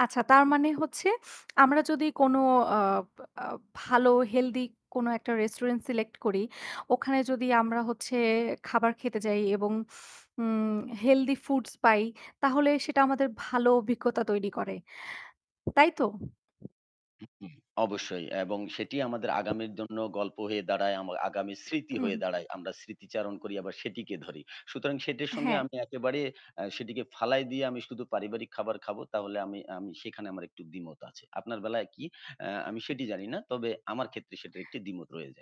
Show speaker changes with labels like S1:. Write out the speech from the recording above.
S1: আচ্ছা, তার মানে হচ্ছে আমরা যদি কোন আ বা আ ভালো healthy কোনো একটা রেস্টুরেন্ট select করি, ওখানে যদি আমরা হচ্ছে খাবার খেতে যাই এবং উম healthy foods পাই, তাহলে সেটা আমাদের ভালো অভিজ্ঞতা তৈরি করে। তাই তো?
S2: উ উম অবশ্যই এবং সেটি আমাদের আগামীর জন্য গল্প হয়ে দাঁড়ায়। আম আগামী স্মৃতি হয়ে
S1: হুম।
S2: দাঁড়ায়। আমরা স্মৃতিচারণ করি ,আবার সেটিকে ধরি। সুতরাং সেটির সঙ্গে
S1: হ্যাঁ।
S2: আমি একেবারে আ সেটিকে ফালায় দিয়ে আমি শুধু পারিবারিক খাবার খাবো। তাহলে আমি আমি সেখানে আমার একটু দ্বিমত আছে। আপনার বেলায় কি? আ আমি সেটি জানি না। তবে আমার ক্ষেত্রে সেটি একটি দ্বিমত রয়ে যায়।